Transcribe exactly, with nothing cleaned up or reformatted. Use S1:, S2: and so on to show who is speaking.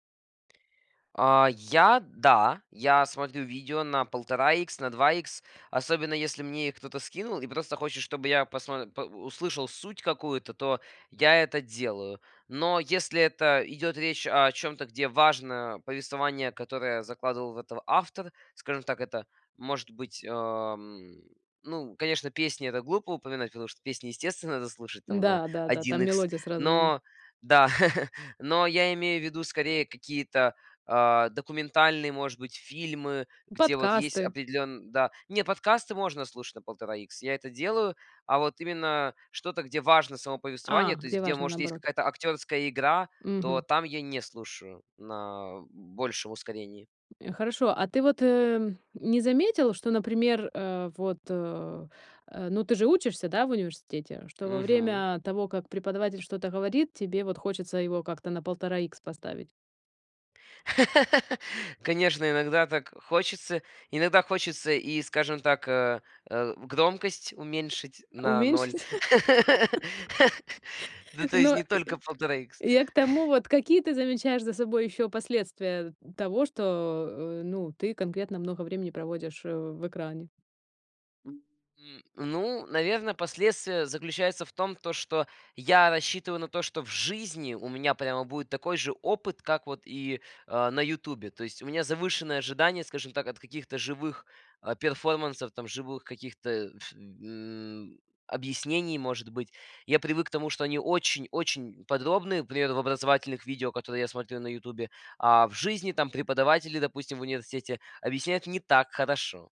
S1: А, я, да, я смотрю видео на полтора икс, на два икс, особенно если мне их кто-то скинул и просто хочет, чтобы я посмо по э, услышал суть какую-то, то я это делаю. Но если это идет речь о чем-то, где важно повествование, которое закладывал в это автор, скажем так, это может быть, ам, ну, конечно, песни- это глупо упоминать, потому что песни, естественно, надо слушать
S2: М,
S1: там на
S2: да-да-да,
S1: один
S2: там
S1: икс,
S2: мелодия сразу, м.
S1: но да, но я имею в виду скорее какие-то, а, документальные, может быть, фильмы, где вот есть
S2: Подкасты.
S1: определенн да. Не, подкасты можно слушать на полтора икс, я это делаю, а вот именно что-то, где важно само повествование,
S2: А,
S1: то есть
S2: где
S1: где,
S2: важно
S1: может, есть
S2: наоборот.
S1: какая-то актерская игра, то
S2: Мгм.
S1: там я не слушаю на большем ускорении.
S2: Э, хорошо. А ты вот, э, не заметил, что, например, э, вот, э, э, ну, ты же учишься, да, в университете, что во
S1: Мгм.
S2: время того, как преподаватель что-то говорит, тебе вот хочется его как-то на полтора икс поставить?
S1: Конечно, иногда так хочется, иногда хочется и, скажем так, э, э, громкость уменьшить на ноль.
S2: Уменьшить?
S1: Ну, то есть
S2: Ну, э,
S1: не только полтора икс.
S2: я к тому вот, какие ты замечаешь за собой ещё последствия того, что, э, ну, ты конкретно много времени проводишь, э, в экране?
S1: М, ну, наверное, последствия заключаются в том, то что я рассчитываю на то, что в жизни у меня прямо будет такой же опыт, как вот и, а, на "Ютубе". То есть у меня завышенные ожидания, скажем так, от каких-то живых а, перформансов, живых каких-то э, ф э, объяснений, может быть. Я привык к тому, что они очень очень подробные, пример, в образовательных видео, которые я смотрю на "Ютубе", а в жизни там преподаватели, допустим, в университете объясняют не так хорошо.